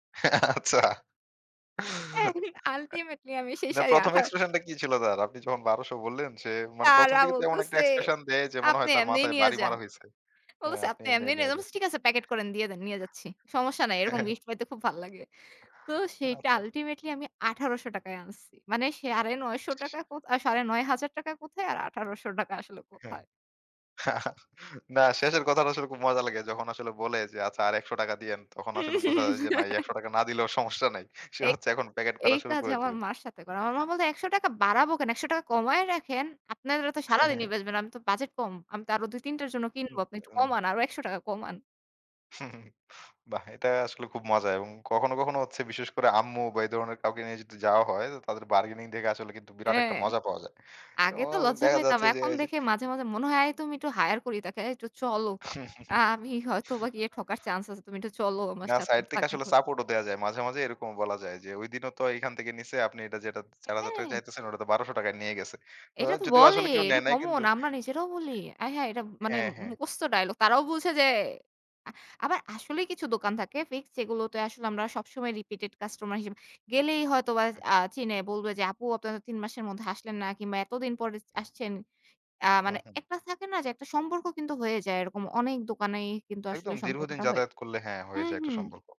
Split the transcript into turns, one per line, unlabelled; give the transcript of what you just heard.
আচ্ছা।
হ্যাঁ, আল্টিমেটলি আমি সেই
না
শাড়ি
প্রথম
আঠা
এক্সপ্রেশনটা কি ছিল তার? আপনি যখন ১২০০ বললেন যে মানে প্রথম
তারা
দিকে তো এমন একটা
বলতেছে,
এক্সপ্রেশন দেয় যে মনে
"আপনি
হয় তার
এমনি
মাথায়
নিয়ে
বাড়ি
যান,"
মারা হইছে, হ্যাঁ,
বলতেছে
আপনি
"আপনি
এমনি
এমনি নিয়ে
নিয়ে
যান," আমি
যান।
বলছি "ঠিক আছে প্যাকেট করে দিয়ে দেন, নিয়ে যাচ্ছি সমস্যা নাই এরকম
হ্যাঁ।
গিফট পাইতে খুব ভাল লাগে।" তো সেইটা
আচ্ছা।
আল্টিমেটলি আমি ৳১৮০০ আনছি মানে ৳৯৫০ কোথায় ৳৯৫০০ কোথায় আর ৳১৮০০ আসলে
হ্যাঁ,
কোথায়।
আর না শেষের কথাটা আসলে খুব মজা লাগে যখন আসলে বলে যে আচ্ছা আর ৳১০০ দিয়েন। তখন আসলে বোঝা
হুম
যায় যে না এই ৳১০০ না দিলেও সমস্যা নাই সে
এই
হচ্ছে এখন প্যাকেট
এই
করা শুরু
কাজ
করে
আমার
দিবে।
মার সাথে করে আমার মা বলছে "৳১০০ বাড়াবো কেন ৳১০০ কমায় রাখেন আপনারা তো
হ্যাঁ, হ্যাঁ,
সারাদিনই
হ্যাঁ।
বেচবেন আমি তো বাজেট কম আমি তো আরও ২ ৩ টার জন্য কিনব আপনি একটু
হুম।
কমান, আরো ৳১০০ কমান।"
বাহ! এটা আসলে খুব মজা এবং কখনো, কখনো হচ্ছে বিশেষ করে আম্মু বা এ ধরনের কাউকে নিয়ে যদি যাওয়া হয় তো তাদের বার্গেনিং দেখে আসলে কিন্তু বিরাট একটা
হ্যাঁ,
মজা পাওয়া যায়। তো
আগে তো লজ্জা
দেখা
পাইতাম
যাচ্ছে যে
এখন
এই যে
দেখে মাঝে, মাঝে মনে হয় তুমি একটু হাইয়ার করি তাকে চলো আ আমি হয়তো বা গিয়ে ঠকার চান্স আছে তুমি একটু চলো আমার
না
সাথে
সাইড থেকে
তাঁকে
আসলে
ধরে
সাপোর্টও দেয়া যায় মাঝে, মাঝে এরকম বলা যায় যে ঐদিনও তো এখান থেকে নিছে আপনি যেটা ৳৪০০০
হ্যাঁ।
চাইতেছেন ওটা তো ৳১২০০ টাকায় নিয়ে গেছে তো
এটা তো
যদিও
বলে
আসলে কেউ
এটা
নেয় নাই কিন্তু
কমন আমরা নিজেরাও বলি, আয় হায় এটা মানে
হ্যাঁ, হ্যাঁ।
মুখস্থ ডায়ালগ তারাও বলছে যে আবার আসলেই কিছু দোকান থাকে ফিক্সড সেগুলোতে আসলে আমরা সবসময় রিপিটেড কাস্টমার হিসেবে গেলেই হয়তো বা
হুম।
আ চিনে বলবে যে "আপু, আপনারা ৩ মাসের মধ্যে আসলেন না কিংবা এতদিন পরে আসছেন।" আ
হুম,
মানে
হুম।
একটা থাকে না যে একটা সম্পর্ক কিন্তু হয়ে যায়, এরকম অনেক দোকানেই কিন্তু আসলে
একদম দীর্ঘদিন
সম্পর্কটা হয়ে
যাতায়াত
যায়
করলে হ্যাঁ, হয়ে
হুম,
যায় একটা
হুম।
সম্পর্ক।